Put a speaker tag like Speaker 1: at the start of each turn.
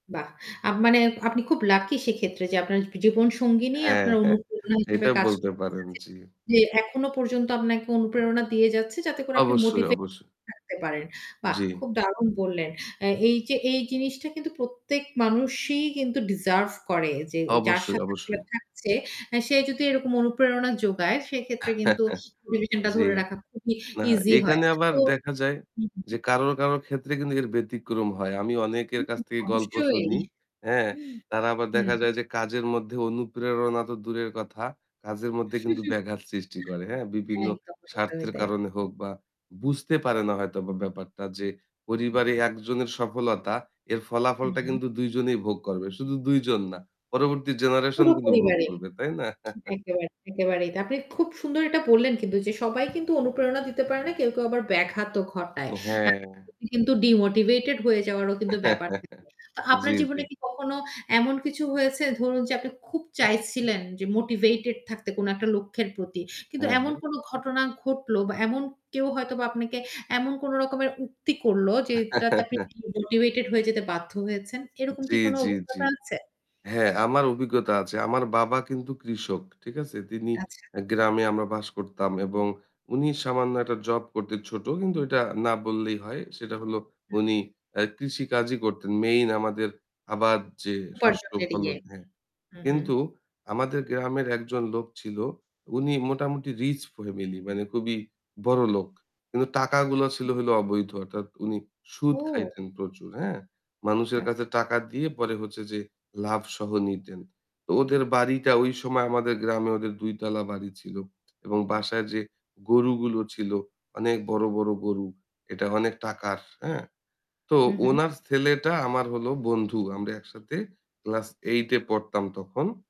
Speaker 1: বাহ! আ মানে আপনি খুব লাকি সেক্ষেত্রে যে আপনার জীবনসঙ্গিনী
Speaker 2: হ্যাঁ,
Speaker 1: আপনার
Speaker 2: হ্যাঁ
Speaker 1: অনুপ্রেরণা হিসেবে
Speaker 2: এটা
Speaker 1: কাজ
Speaker 2: বলতে
Speaker 1: করছে
Speaker 2: পারেন
Speaker 1: জি,
Speaker 2: জি।
Speaker 1: জি এখনো পর্যন্ত আপনাকে অনুপ্রেরণা দিয়ে যাচ্ছে যাতে করে আপনি
Speaker 2: অবশ্যই,
Speaker 1: মোটিভেট
Speaker 2: অবশ্যই।
Speaker 1: থাকতে পারেন। বাহ!
Speaker 2: জ্বি।
Speaker 1: খুব দারুন বললেন। অ্যা এই যে এই জিনিসটা কিন্তু প্রত্যেক মানুষই কিন্তু ডিজার্ভ করে। যে যার
Speaker 2: অবশ্যই,
Speaker 1: সাথে আসলে
Speaker 2: অবশ্যই।
Speaker 1: থাকছে এ সে যদি এরকম অনুপ্রেরণা যোগায় সেক্ষেত্রে কিন্তু রিলেশন টা
Speaker 2: জ্বি।
Speaker 1: ধরে রাখা খুবই
Speaker 2: না
Speaker 1: ইজি হয়।
Speaker 2: এখানে আবার
Speaker 1: তো
Speaker 2: দেখা যায়
Speaker 1: হু, হু, হু।
Speaker 2: যে কারো, কারোর, ক্ষেত্রে কিন্তু এর ব্যতিক্রম হয়। আমি
Speaker 1: হু,
Speaker 2: অনেকের
Speaker 1: হু।
Speaker 2: কাছ থেকে গল্প
Speaker 1: অবশ্যই।
Speaker 2: শুনি, হ্যাঁ? তারা আবার
Speaker 1: হুম।
Speaker 2: দেখা যায় যে কাজের মধ্যে অনুপ্রেরণা তো দূরের কথা কাজের মধ্যে কিন্তু ব্যাঘাত সৃষ্টি করে, হ্যাঁ?
Speaker 1: হ্যাঁ
Speaker 2: বিভিন্ন
Speaker 1: একদম, একদমই
Speaker 2: স্বার্থের
Speaker 1: তাই।
Speaker 2: কারণে হোক বা বুঝতে পারে না হয়তোবা ব্যাপারটা যে পরিবারে
Speaker 1: [unintelligible]
Speaker 2: একজনের সফলতা এর
Speaker 1: হু,
Speaker 2: ফলাফলটা
Speaker 1: হু।
Speaker 2: কিন্তু ২ জনেই ভোগ করবে। শুধু ২ জন না। পরবর্তী জেনারেশন
Speaker 1: পুরো
Speaker 2: কিন্তু ভোগ
Speaker 1: পরিবারই।
Speaker 2: করবে, তাই না?
Speaker 1: একেবারেই একেবারেই। তা আপনি খুব সুন্দর এটা বললেন কিন্তু যে সবাই কিন্তু অনুপ্রেরণা দিতে পারে না কেউ, কেউ, আবার ব্যাঘাতও ঘটায়।
Speaker 2: তো
Speaker 1: আ [unintelligible]
Speaker 2: হ্যাঁ।
Speaker 1: কিন্তু ডিমোটিভেটেড হয়ে যাওয়ারও কিন্তু ব্যাপার থাকে। তো আপনার
Speaker 2: জ্বী,
Speaker 1: জীবনে
Speaker 2: জ্বী।
Speaker 1: কি কখনো এমন কিছু হয়েছে ধরুন যে আপনি খুব চাইছিলেন যে মোটিভেটেড থাকতে কোন একটা লক্ষ্যের প্রতি। কিন্তু
Speaker 2: হ্যাঁ,
Speaker 1: এমন
Speaker 2: হ্যাঁ।
Speaker 1: কোন ঘটনা ঘটল বা এমন কেউ হয়তো বা আপনাকে এমন কোন রকমের উক্তি করল, যেইটাতে আপনি ডিমোটিভেটেড হয়ে যেতে বাধ্য হয়েছেন। এরকম কি
Speaker 2: জ্বি,
Speaker 1: কোন
Speaker 2: জ্বি, জ্বি।
Speaker 1: অভিজ্ঞতা আছে?
Speaker 2: হ্যাঁ আমার অভিজ্ঞতা আছে। আমার বাবা কিন্তু কৃষক, ঠিক আছে? তিনি
Speaker 1: আচ্ছা।
Speaker 2: অ্যা গ্রামে আমরা বাস করতাম। এবং উনি সামান্য একটা জব করতে ছোট কিন্তু এটা না বললেই হয়। সেটা হলো
Speaker 1: হু।
Speaker 2: উনি অ্যা কৃষি কাজই করতেন। মেইন আমাদের আবার যে শস্য
Speaker 1: উপার্জনের ইয়ে
Speaker 2: ফলন হ্যাঁ।
Speaker 1: হু, হু।
Speaker 2: কিন্তু আমাদের গ্রামের একজন লোক ছিল। উনি মোটামুটি রিচ ফ্যামিলি মানে খুবই বড় লোক। কিন্তু টাকাগুলো ছিল
Speaker 1: আচ্ছা।
Speaker 2: হইলো অবৈধ অর্থাৎ উনি সুদ
Speaker 1: ও।
Speaker 2: খাইতেন প্রচুর, হ্যাঁ? মানুষের কাছে
Speaker 1: আচ্ছা।
Speaker 2: টাকা দিয়ে পরে হচ্ছে যে লাভ সহ নিতেন। তো ওদের বাড়িটা ওই সময় আমাদের গ্রামে ওদের ২ তলা বাড়ি ছিল। এবং বাসায় যে গরুগুলো ছিল অনেক বড়, বড় গরু। এটা অনেক টাকার, হ্যাঁ? তো
Speaker 1: হু, হু।
Speaker 2: উনার ছেলেটা আমার হলো বন্ধু। আমরা একসাথে ক্লাস 8 এ পড়তাম তখন।